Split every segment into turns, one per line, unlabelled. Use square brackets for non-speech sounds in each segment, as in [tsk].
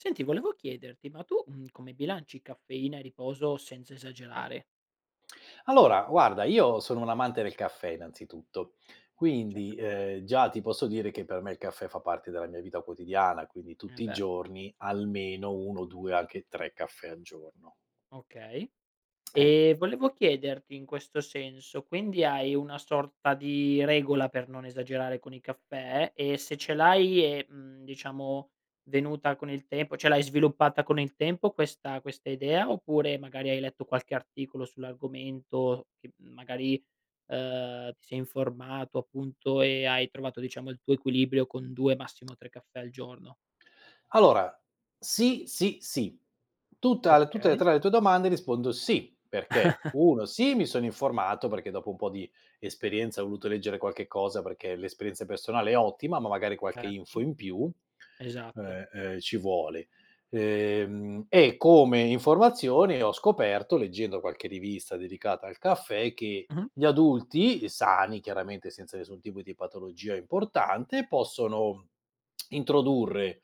Senti, volevo chiederti, ma tu, mhmm, come bilanci caffeina e riposo senza esagerare?
Allora, guarda, io sono un amante del caffè, innanzitutto, quindi,
Certo.
ehm, già ti posso dire che per me il caffè fa parte della mia vita quotidiana, quindi
Eh,
tutti i
beh.
giorni, almeno 1, 2 o anche 3 caffè al giorno
Okay,
Ecco.
ehm, volevo chiederti in questo senso, quindi hai una sorta di regola per non esagerare con i caffè? E se ce l'hai è, mhmm, diciamo venuta con il tempo, cioè l'hai sviluppata con il tempo questa questa idea oppure, magari, hai letto qualche articolo sull'argomento che m magari, uhm, ti sei informato appunto, e hai trovato diciamo il tuo equilibrio con 2, massimo 3 caffè al giorno?
Allora, sì, sì, sì. Tutta l tutte le
Okay.
3 le tue domande rispondo sì, perché
[chuckles]
1: sì mi sono informato, perché dopo un po' di di esperienza, ho voluto leggere qualche cosa, perché l'esperienza personale è ottima, ma magari qualche info
Certo.
in più,
Esatto.
uhm, uhm, ci vuole: ehm, e come informazione ho scoperto, leggendo qualche rivista dedicata al caffè, che
Mh-mh.
gli adulti, uhm, sani, chiaramente senza nessun tipo di patologia importante, possono [smacks lips] introdurre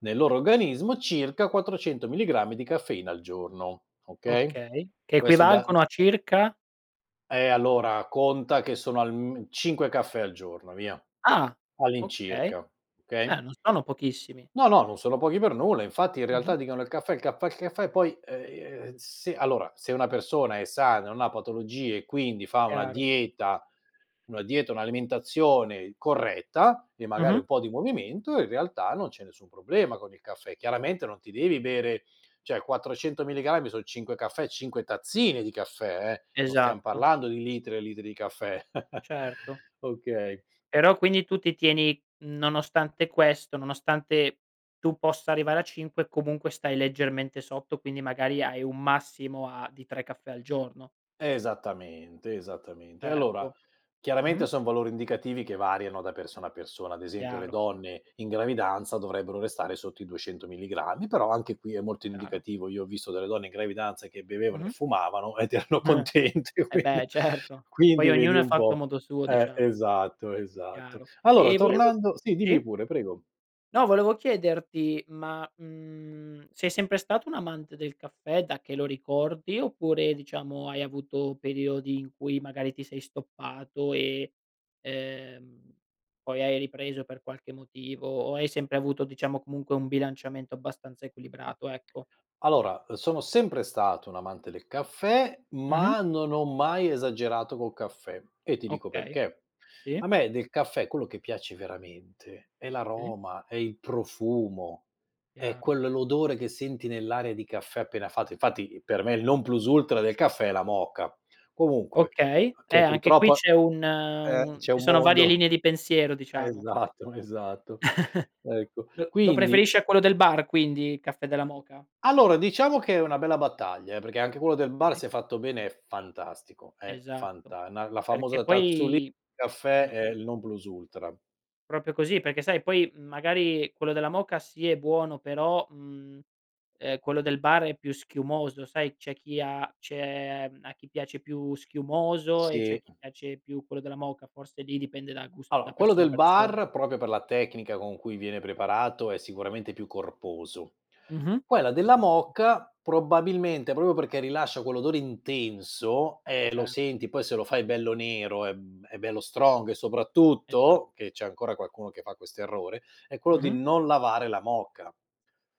nel loro organismo circa 400 milligrammi di caffeina al giorno, okay,
Okay, che
questo da m
equivalgono a circa?
Eh, allora conta che sono alm 5 caffè al giorno via,
Ah, okay.
all'incirca,
Eh,
okay?
non sono pochissimi.
No, no, non sono pochi per nulla. Infatti, in
Mh-mh.
realtà, dicono: "Il caffè, il caffè, il caffè" e poi, ehm, se allora, se una persona è sana, non ha patologie e quindi fa una
Chiaro.
dieta una dieta, un'alimentazione corretta, e magari
Mh-mh.
un po' di movimento in realtà non c'è nessun problema con il caffè. Chiaramente non ti devi bere cioè 400 mg son 5 caffè, 5 tazzine di caffè, eh, non stiam
Esatto.
parlando di litri e litri di caffè. [chuckles]
Certo.
Okay.
Però, quindi, tu ti tieni, mhmm, nonostante questo nonostante tu possa arrivare a 5, comunque stai leggermente sotto, quindi magari hai un massimo a di 3 caffè al giorno.
Esattamente, esattamente. Allora,
Certo.
chiaramente
Mh-mh.
son valori indicativi che variano da persona a persona, ad esempio le
Chiaro.
donne in gravidanza dovrebbero restare sotto i 200 milligrammi, però anche qui è molto
Chiaro.
indicativo, io ho visto delle donne in gravidanza che bevevano e
Mh-mh.
fumavano, ed erano
[giggles]
contente,
Eh,
quindi
beh, certo.
quindi
Poi
vedi
ognuno è
un
fatto a
po'
modo suo
eh,
diciamo.
esatto, esatto.
Chiaro.
Allora
Ehm, volevo
tornando sì dimmi
sì
pure, prego.
No, volevo chiederti ma, mhmm, sei sempre stato un amante del caffè, da che lo ricordi oppure, diciamo, hai avuto periodi in cui, magari, ti sei stoppato e, ehm, poi hai ripreso per qualche motivo, o hai sempre avuto, diciamo, comunque un bilanciamento abbastanza equilibrato, ecco.
Allora, uhm, sono sempre stato un amante del caffè,
Mh-mh.
ma non ho mai esagerato col caffè, e ti dico
Okay,
perché:
sì.
a me del caffè quello che piace veramente è
Sì.
l'aroma, è il profumo, è
Chiaro.
quello l'odore che senti nell'aria di caffè appena fatto; infatti i per me, il non plus ultra del caffè è la moka, comunque
Okay, eh,
poi
anche qui
purtroppo
c'è un
eh,
un
c'è
ci
un
sono varie
mondo.
linee di pensiero diciamo.
Esatto, esatto
[chuckles]
ecco,
Lo lo
quindi
preferisci a quello del bar, quindi, il caffè della moka?
Allora, diciamo che è una bella battaglia, eh, perché anche quello del bar,
Okay.
se è fatto bene è fantastico, è
Esatto,
fanta na la
perché
famosa tazzulì di
poi
caffè
mh.
è il non plus ultra.
Proprio così, perché sai poi, mhmm, magari quello della moka sì è buono però, mhmm, ehm, quello del bar è più schiumoso sai, c'è chi ha c'è a chi piace più schiumoso, e c'è a
Sì.
chi piace più quello della moka, forse lì dipende da gus da
Allora, quello
persona a
del
person
bar, proprio per la tecnica con cui viene preparato, è sicuramente più corposo.
Mh-mh.
Quella della
Esatto.
moka, probabilmente, proprio perché rilascia quell'odore intenso, eh, lo
Certo.
senti, poi se lo fai bello nero, è b è bello strong e
Eh, già.
soprattutto che c'è ancora qualcuno che fa questo errore, è quello di
Mh-mh.
non lavare la moka,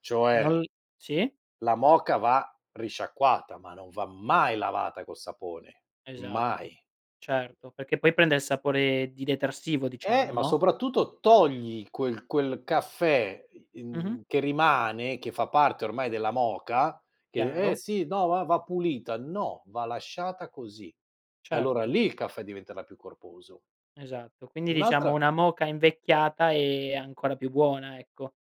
cioè
Non l sì.
la moka va risciacquata, ma non va mai lavata col sapone, mai.
Esatto.
[unintelligible]
Certo. Perché poi prende il sapore di detersivo
Eh,
diciamo,
ma
no?
soprattutto togli quel quel caffè, i
Mh-mh.
in che rimane, che fa parte ormai della moka che [unintelligible] "Eh,
Chiaro.
sì no, va va pulita" no va lasciata così e allora
Certo.
lì il caffè diventerà più corposo.
Esatto. Quindi diciamo,
Un'altra
una moka invecchiata è ancora più buona, ecco.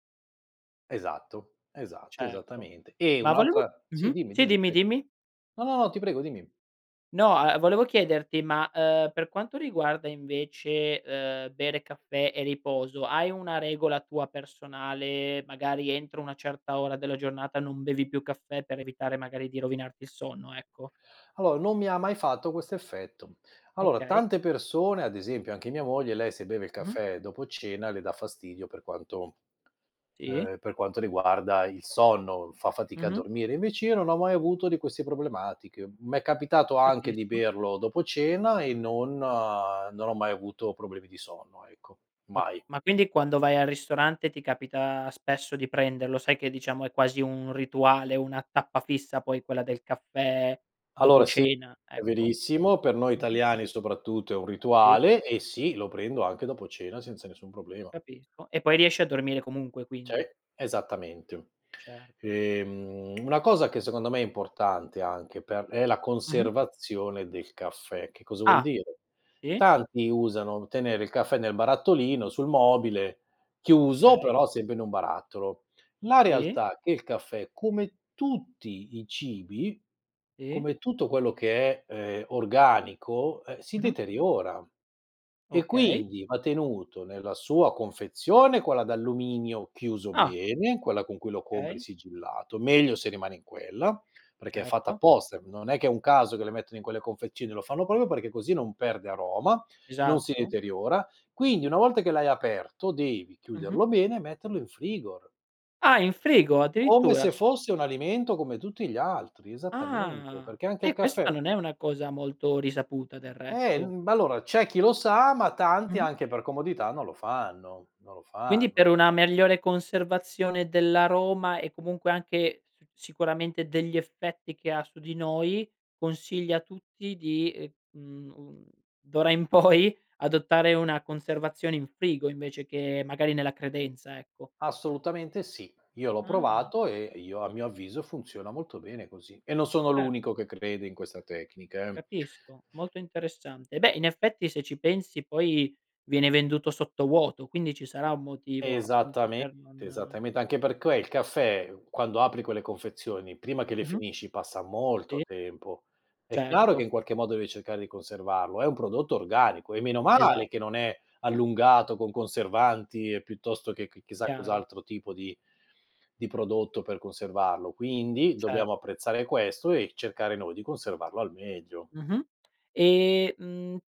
Esatto, esatto,
Certo.
esattamente. E
Ma volevo
un'altra sì,
mh-mh,
dimmi,
sì
dimmi
dimmi,
prego
dimmi.
no, no, no, ti prego dimmi.
No, a volevo chiederti ma, uhm, per quanto riguarda invece, uhm, bere caffè e riposo, hai una regola tua personale, magari entro una certa ora della giornata, non bevi più caffè per evitare magari di rovinarti il sonno, ecco.
Allora, non mi ha mai fatto questo effetto. Allora
Okay.
tante persone, ad esempio anche mia moglie, lei se beve il
Mh-mh.
caffè dopo cena le dà fastidio per quanto
Sì.
ehm, per quanto riguarda il sonno, fa fatica a
Mh-mh.
dormire, invece io non ho mai avuto di queste problematiche. M'è capitato anche di
Capisco.
berlo dopo cena, e non non ho mai avuto problemi di sonno, ecco.
A
Mai.
ma quindi quando vai al ristorante, ti capita spesso di prenderlo, sai che diciamo è quasi un rituale, una tappa fissa poi quella del caffè dopo
Allora sì,
cena,
è
ecco.
verissimo. Per noi
Mh-mh.
italiani soprattutto è un
Sì.
rituale e sì, lo prendo anche dopo cena senza nessun problema.
Capisco, e poi riesci a dormire comunque
Sì,
quindi.
esattamente.
Certo.
Ehm, una cosa che secondo me è importante, anche per è la
Mh-mh.
conservazione del caffè. Che cosa vuol
Ah,
dire?
sì.
Tanti usano tenere il caffè nel barattolino sul mobile chiuso,
Okay.
però sempre in un barattolo. La
Sì.
realtà è che il caffè, come tutti i cibi,
Sì.
come tutto quello che è, ehm, organico, ehm, si
Mh-mh.
deteriora, e
Okay.
quindi va tenuto nella sua confezione, quella d'alluminio chiuso
Ah.
bene, quella con cui lo compri
Okay.
sigillato, meglio se rimane in quella, perché è fatta
Certo.
apposta, e non è che è un caso, che le mettono in quelle confezioni, lo fanno proprio perché così non perde aroma, non si
Esatto.
deteriora; quindi una volta che l'hai aperto devi
Mh-mh.
chiuderlo bene e metterlo in frigo
Ah, in frigo?
come
Addirittura?
se fosse un alimento come tutti gli altri, esattamente,
Ah.
perché anche il
Eh, questa
caffè
non è una cosa molto risaputa, del
Eh,
resto.
mhmm, b allora c'è chi lo sa ma tanti,
Mh-mh.
anche per comodità, non lo fanno, non lo
Quindi, per
fanno.
una migliore conservazione dell'aroma, e comunque anche s sicuramente degli effetti che ha su di noi, consigli a tutti di, ehm, mhmm, un d'ora in poi, adottare una conservazione in frigo, invece che magari nella credenza, ecco.
Assolutamente sì. Io l'ho
Ah.
provato, e io a mio avviso funziona molto bene così, e non sono
Cert
l'unico che crede in questa tecnica, eh.
Capisco, molto interessante. Beh, in effetti, se ci pensi poi, viene venduto sottovuoto, quindi ci sarà un motivo appunto
Esattamente,
per non
esattamente, anche perché il caffé, ehm, quando apri quelle confezioni, prima che le
Mh-mh.
finisci passa molto
Sì.
tempo, è chiaro che
Certo.
in qualche modo devi cercare di conservarlo, è un prodotto organico, e meno
Esa
male che non è allungato con conservanti e piuttosto che chi chissà
Chiaro.
cos'altro tipo di di prodotto per conservarlo. Quindi, dobbiamo
Certo.
apprezzare questo e cercare noi di conservarlo al meglio.
Mh-mh. Ehm, mhmm,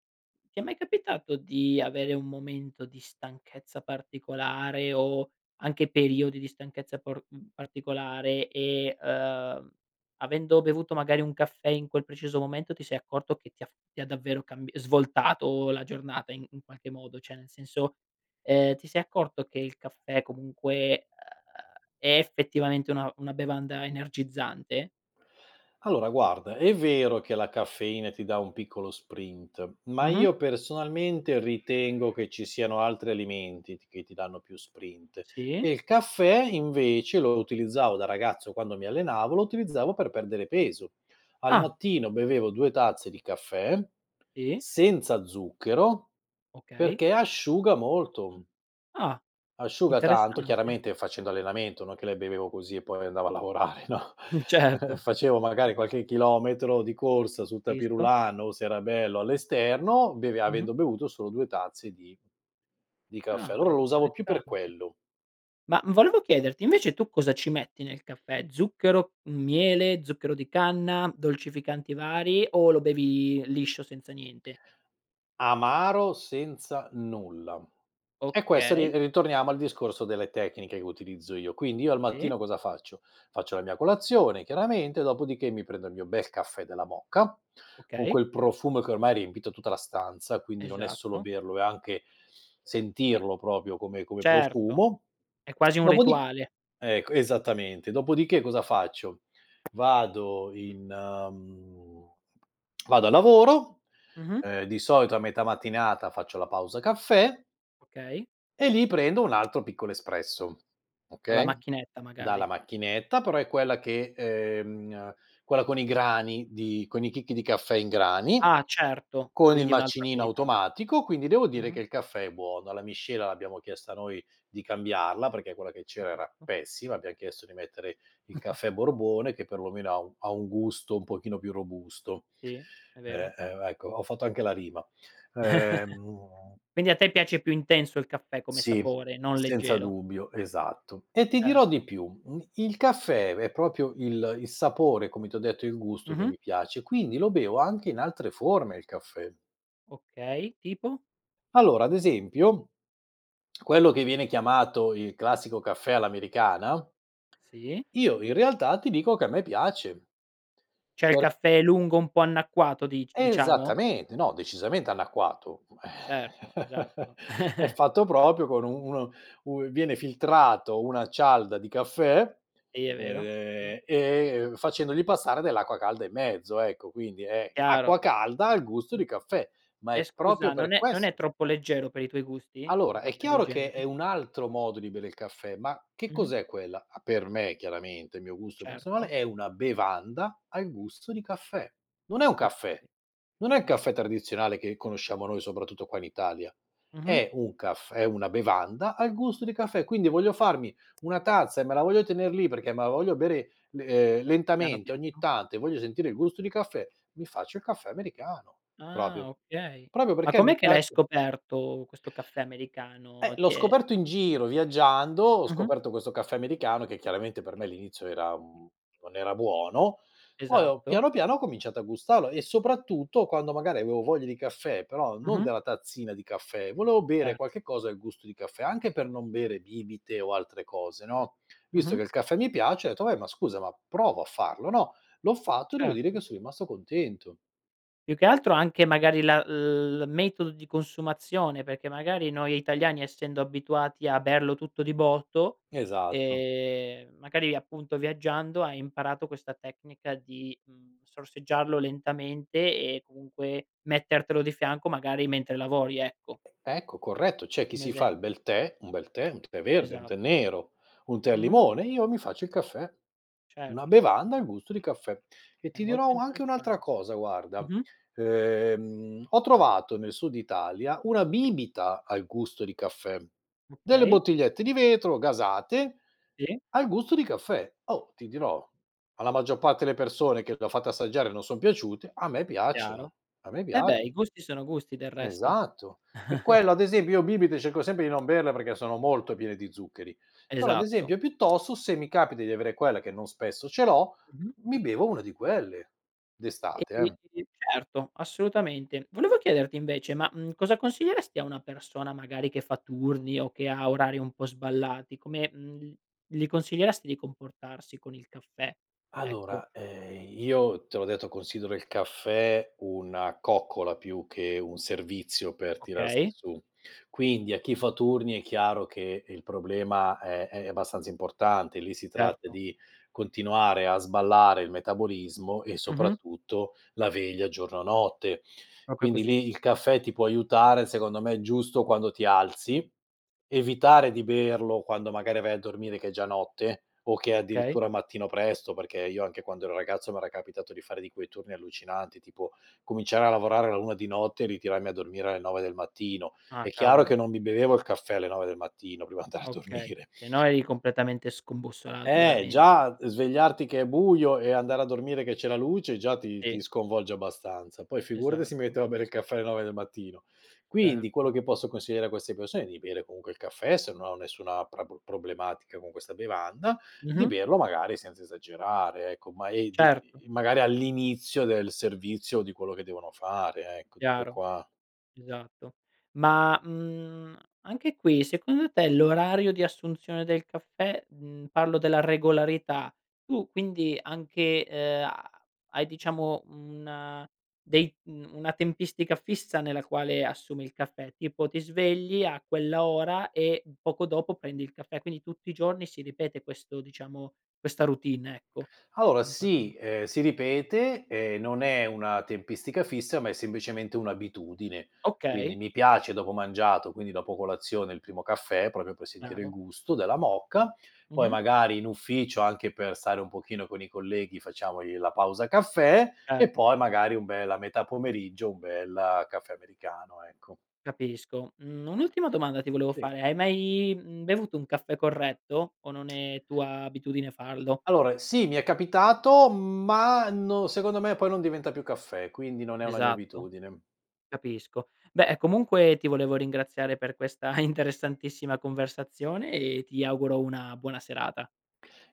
ti è mai capitato di avere un momento di stanchezza particolare o anche periodi di stanchezza por mhmm, particolare e, uhm, avendo bevuto magari un caffè in quel preciso momento, ti sei accorto che ti ha f ti ha davvero cambi svoltato la giornata in in qualche modo, cioè nel senso, ehm, ti sei accorto che il caffè comunque è effettivamente una una bevanda energizzante?
Allora guarda è vero che la caffeina ti dà un piccolo sprint ma
Mh-mh.
io personalmente ritengo che ci siano altri alimenti t che ti danno più sprint
Sì.
e il caffè, invece, lo utilizzavo da ragazzo quando mi allenavo, lo utilizzavo per perdere
[unintelligible]
peso. Al
Ah.
mattino bevevo 2 tazze di caffè
[unintelligible]
senza zucchero,
Okay.
perché asciuga molto.
Ah,
Asciuga tanto,
interessante.
chiaramente facendo allenamento, no, che le bevevo così e poi andavo a lavorare, no,
Mh, certo.
facevo
e
magari qualche chilometro di corsa sul tapis
Capisco.
roulant o, se era bello, all'esterno beve
Mh-mh.
avendo bevuto solo 2 tazze di di caffè.
Ah
Allora lo usavo più per
interessante.
quello.
Ma volevo chiederti invece tu cosa ci metti nel caffè? Zucchero, miele, zucchero di canna, dolcificanti vari o lo bevi liscio, senza niente?
Amaro, senza nulla. E questo ri
Okay.
uhm, torniamo al discorso delle tecniche che utilizzo io. Quindi io al
Sì.
mattino cosa faccio? Faccio la mia colazione chiaramente, dopodiché mi prendo il mio bel caffè della moka, con
Okay.
quel profumo che ormai ha riempito tutta la stanza, quindi non è solo
Esatto.
berlo, è anche
E
sentirlo proprio come come
Certo
profumo,
è quasi un
dopodi
rituale.
ecco esattamente, dopodiché cosa faccio? Vado in mhmm, vado a lavoro,
Mh-mh.
ehm, di solito a metà mattinata faccio la pausa caffè
Okay.
e lì prendo un altro piccolo espresso,
Alla
okay,
macchinetta
dalla
magari.
macchinetta però è quella che ehm, quella con i grani di con i chicchi di caffè in grani,
Ah certo,
con il
quindi un'altra
macinino
qualità.
automatico. Quindi devo dire
Mh-mh.
che il caffè è buono. La miscela, l'abbiamo chiesta noi, di cambiarla, perché quella che c'era era
Capisco.
pessima. Abbiam chiesto di mettere il
[chuckles]
caffè Borbone che perlomeno ha un ha un gusto un pochino più robusto.
Sì, è
Ehm,
vero.
ehm, ecco, ho fatto anche la rima,
[chuckles]
ehm
Quindi a te piace più intenso il caffè come
Sì,
sapore, non
senza
leggero?
dubbio, esatto, e ti dirò di
Certo.
più, il caffè è proprio il il sapore come t'ho detto, il gusto che
Mh-mh.
mi piace, quindi lo bevo anche in altre forme il caffè.
Okay. Tipo?
Allora ad esempio quello che viene chiamato il classico caffè all'americana
Sì.
io, in realtà, ti dico che a me piace.
Cioè il
Per
caffè lungo un po' annacquato dic diciamo?
Esattamente, no, decisamente annacquato,
Certo
[chuckles]
esatto.
è
[chuckles]
fatto proprio con un uno un viene filtrato una cialda di caffè,
Sì è vero, sì.
ehm, e facendogli passare dell'acqua calda in mezzo, ecco, quindi è acqua
Chiaro.
calda al gusto
Mh-mh.
di caffè, ma
E
è proprio
scusa
per
non è non è
questo
troppo leggero per i tuoi gusti? Un
Allora è
caffè del
chiaro che è
genere.
un altro modo di bere il caffè ma che
Mh-mh.
cos'è quella? A per me, chiaramente il mio gusto personale,
Certo.
è una bevanda al gusto di caffè. Non è un caffè.
Okay,
Non è un caffè
esatto.
tradizionale che conosciamo noi, soprattutto qua in Italia.
Mh-mh.
È un caff è una bevanda al gusto di caffè, quindi voglio farmi una tazza e me la voglio tener lì perché me la voglio bere le uhm,
Piano,
lentamente ogni
piano.
tanto e voglio sentire il gusto di caffè, mi faccio il caffè americano proprio-
Ah okay,
proprio
ma
perché mi
com'è che l'hai
piace
scoperto questo caffè
Eh,
americano,
l'ho
ti è
scoperto in giro, viaggiando, ho
Mh-mh.
scoperto questo caffè americano che, chiaramente, per me all'inizio era mhmm, non era buono, poi ho
Esatto.
piano piano, ho cominciato a gustarlo e, soprattutto, quando magari avevo voglia di caffè, però non
Mh-mh.
della tazzina di caffè, volevo bere
Certo.
qualche cosa al gusto di caffè, anche per non bere bibite o altre cose, no, visto
Mh-mh.
che il caffè mi piace ho etto: "Vabbè ma scusa, ma provo a farlo no?" L'ho fatto e devo dire che
Certo.
son rimasto contento.
Più che altro anche magari la l metodo di consumazione, perché magari noi italiani, essendo abituati a berlo tutto di botto,
Esatto.
ehm, magari appunto viaggiando hai imparato questa tecnica di, mhmm, sorseggiarlo lentamente e comunque mettertelo di fianco, magari mentre lavori, ecco.
Ecco corretto c'è chi
Un
si fa il
esempio.
bel tè, un bel tè, un tè verde, un tè
Esatto.
nero, un tè al
Mh-mh.
limone, e io mi faccio il caffè, una
Certo.
bevanda al gusto di caffè. E
È
ti dirò
molto
u anche un'altra
interessante,
cosa: guarda,
mh-mh.
ehm, ho trovato nel sud Italia una bibita al gusto di caffè, delle
Okay.
bottigliette di vetro gasate
Sì.
al gusto di caffè. Oh, ti dirò, alla maggior parte le persone che le ho fatte assaggiare non son piaciute, a me piacciono,
Chiaro.
a me
E beh i
piaccio
gusti sono gusti, del resto.
Esatto. E
[chuckles]
quello ad esempio io bibite cerco sempre di non berle, perché sono molto piene di zuccheri. Però ad
Esatto.
esempio, piuttosto se mi capita di avere quella, che non spesso ce l'ho,
Mh-mh.
mi bevo una di quelle,
E
d'estate eh.
[unintelligible] certo assolutamente. Volevo chiederti invece ma, mhmm, cosa consiglieresti a una persona magari che fa turni o che ha orari un po' sballati come, mhmm, gli consiglieresti di comportarsi con il caffè, ecco?
Allora, ehm, io te l'ho detto, considero il caffè una coccola, più che un servizio per tirarsi
Okay.
su. Quindi a chi fa turni è chiaro che il problema è è abbastanza importante. Lì si tratta
Certo.
di continuare a sballare il metabolismo e
Mh-mh.
soprattutto la veglia giorno, notte.
Proprio
Quindi
così.
lì il caffè ti può aiutare, secondo me, giusto quando ti alzi, evitare di berlo quando, magari, vai a dormire che è già notte o che è
Okay.
addirittura mattino presto, perché io anche quando ero ragazzo, m'era capitato di fare di quei turni allucinanti, tipo cominciare a lavorare all'1 di notte e ritirarmi a dormire alle 9 del mattino.
Ah.
È chiaro che
Cavolo.
non mi bevevo il caffè alle 9 del mattino, prima andare a
Okay,
dormire.
se no eri completamente scombussolato,
Eh
veramente.
già svegliarti che è buio e andare a dormire che c'è la luce già ti ti
Sì.
sconvolge abbastanza. Poi figurati se mi
Esatto.
mettevo a bere il caffè alle 9 del mattino. Quindi quello
Certo.
che posso consigliare a queste persone è di bere comunque il caffè se non hanno nessuna pra p problematica con questa bevanda; di
Mh-mh.
berlo magari senza esagerare, ecco, ma è d
Certo.
magari all'inizio del servizio di quello che devono fare ecco, tutto
Chiaro.
qua.
Esatto. Ma, mhmm, anche qui, secondo te l'orario di assunzione del caffè mhmm, parlo della regolarità, tu quindi anche, ehm, ha hai diciamo un dei mhmm, una tempistica fissa nella quale assumi il caffè? Tipo, ti svegli a quell'ora e poco dopo prendi il caffè, quindi tutti i giorni si ripete questo diciamo questa routine, ecco,
Allora,
in qualche
sì,
[unintelligible]
ehm, si ripete, ehm, non è una tempistica fissa, ma è semplicemente un'abitudine. Quindi
Okay.
mi piace dopo mangiato, quindi dopo colazione il primo caffè, proprio per sentire il
Chiaro.
gusto della moka. Poi
Mh-mh.
magari in ufficio, anche per stare un pochino con i colleghi, facciamo lì la pausa caffè e poi
Certo.
magari un bel a metà pomeriggio un bel caffè americano, ecco.
Capisco, mhmm, un'ultima domanda ti volevo
Sì.
fare: hai mai, mhmm, bevuto un caffè corretto o non
[tsk]
è tua abitudine farlo?
Allora sì mi è capitato ma no secondo me poi non diventa più caffè, quindi non è una mia
Esatto,
abitudine.
capisco. Beh, comunque ti volevo ringraziare per questa interessantissima conversazione e ti auguro una buona serata.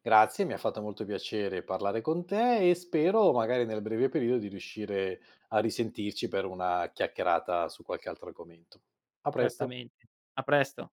Grazie, mi ha fatto molto piacere parlare con te e spero magari, nel breve periodo, di riuscire a risentirci per una chiacchierata su qualche altro argomento. A presto.
Certamente. A presto.